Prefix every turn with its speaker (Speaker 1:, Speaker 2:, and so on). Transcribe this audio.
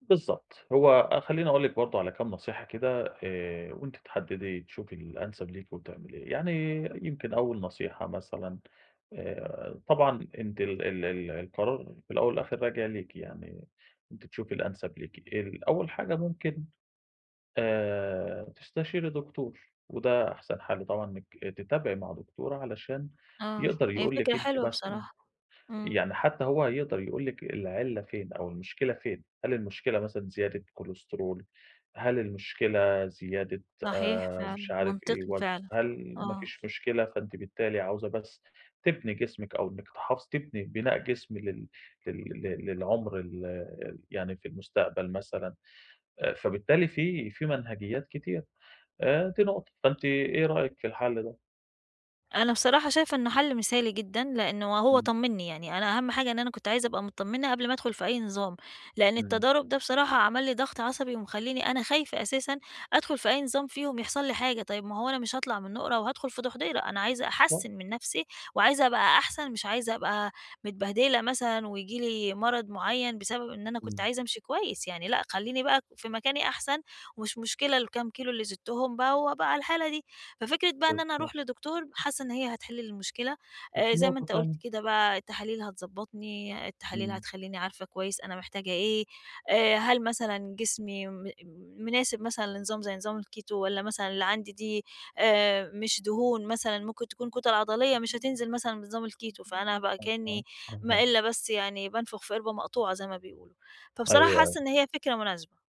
Speaker 1: بالضبط، هو أ خلّيني اقول لِك برضو على كام نصيحة كده آآ، وأنتِ تحددي تشوفي الأنسب ليكِ وتعمليه، يعني يمكن أول نصيحة مثلًا آآ طبعًا أنتِ ال ال ال القرار الأول والآخر راجع ليكِ يعني أنتِ تشوفي الأنسب ليكِ، ال أول حاجة ممكن آآ تستشيري دكتور وده أحسن حَل طبعًا إنِّك تتابعي مع دكتورة علشان
Speaker 2: آه،
Speaker 1: يقدر
Speaker 2: هي
Speaker 1: يقول لِك
Speaker 2: فكرة
Speaker 1: أنتِ
Speaker 2: حلوة
Speaker 1: مثلًا
Speaker 2: بصراحة، إمم.
Speaker 1: يعني حتى هو هيقدر يقول لِك العِلّة فين أو المشكلة فين؟ هل المشكلة مثلًا زيادة كولسترول؟ هل المشكلة زيادة
Speaker 2: صحيح
Speaker 1: آآ، مش
Speaker 2: فعلًا،
Speaker 1: عارف إيه
Speaker 2: منطقي
Speaker 1: وزن؟
Speaker 2: فعلًا،
Speaker 1: هل ما
Speaker 2: آه.
Speaker 1: فيش مشكلة فأنتِ بالتالي عاوزة بس تِبني جسمِك أو إنِّك تحافظ تِبني بِناء جسم لل لل لل للعمر ال يعني في المستقبل مثلًا؟ فبالتالي في في مَنهَجيّات كتير آآ، دي نقطة، فأنتَ إيه رأيَك في الحَل ده؟
Speaker 2: أنا بصراحة شايفة إنه حل مثالي جدًا، لإنه وهو
Speaker 1: إمم.
Speaker 2: طمّني يعني، أنا أهم حاجة إن أنا كنت عايزة أبقى متطمّنة قبل ما ادخل في أي نظام، لإن
Speaker 1: إمم.
Speaker 2: التضارب ده بصراحة عَمل لي ضغط عصبي ومخلّيني أنا خايفة أساسًا أدخل في أي نظام فيهم يحصل لي حاجة، طيب ما هو أنا مش هاطلع من نُقرة وادخل في دُحْضِيرة أنا عايزة
Speaker 1: و
Speaker 2: أحسّن من نفسي وعايزة أبقى أحسن مش عايزة أبقى متبهدلة مثلًا وييجي لي مَرَض معين بسبب إن أنا كنت
Speaker 1: إمم.
Speaker 2: عايزه أمشي كويس، يعني لأ خلّيني بقى في مكاني أحسن، ومش مشكلة الكام كيلو اللي زدتهم بقى وابقى على الحالة دي. ففكرة بقى إن أنا
Speaker 1: بالضبط.
Speaker 2: اروح لدكتور حاسّة إن هي هتحل المشكلة آآ،
Speaker 1: وفي
Speaker 2: زي ما
Speaker 1: نقطة
Speaker 2: أنت
Speaker 1: تانية.
Speaker 2: قُلت كده بقى التحاليل هتضبّطني، التحاليل
Speaker 1: إمم.
Speaker 2: هتخلّيني عارفة كويس أنا محتاجة إيه. آآ، هل مثلًا جسمي م مناسب مثلًا لنظام زي نظام الكيتو والّا مثلًا اللي عندي دي آآ، مش دهون مثلًا ممكن تكون كُتَل عضليّة مش هتنزل مثلًا بنظام الكيتو فأنا بقى
Speaker 1: أها،
Speaker 2: كأنّي
Speaker 1: أها.
Speaker 2: ما إلّا بس يعني بانفُخ في قِربة مقطوعة زي ما بيقولوا. فبصراحة
Speaker 1: أيوه
Speaker 2: حاسّة
Speaker 1: أي
Speaker 2: إن هي فكرة مناسبة.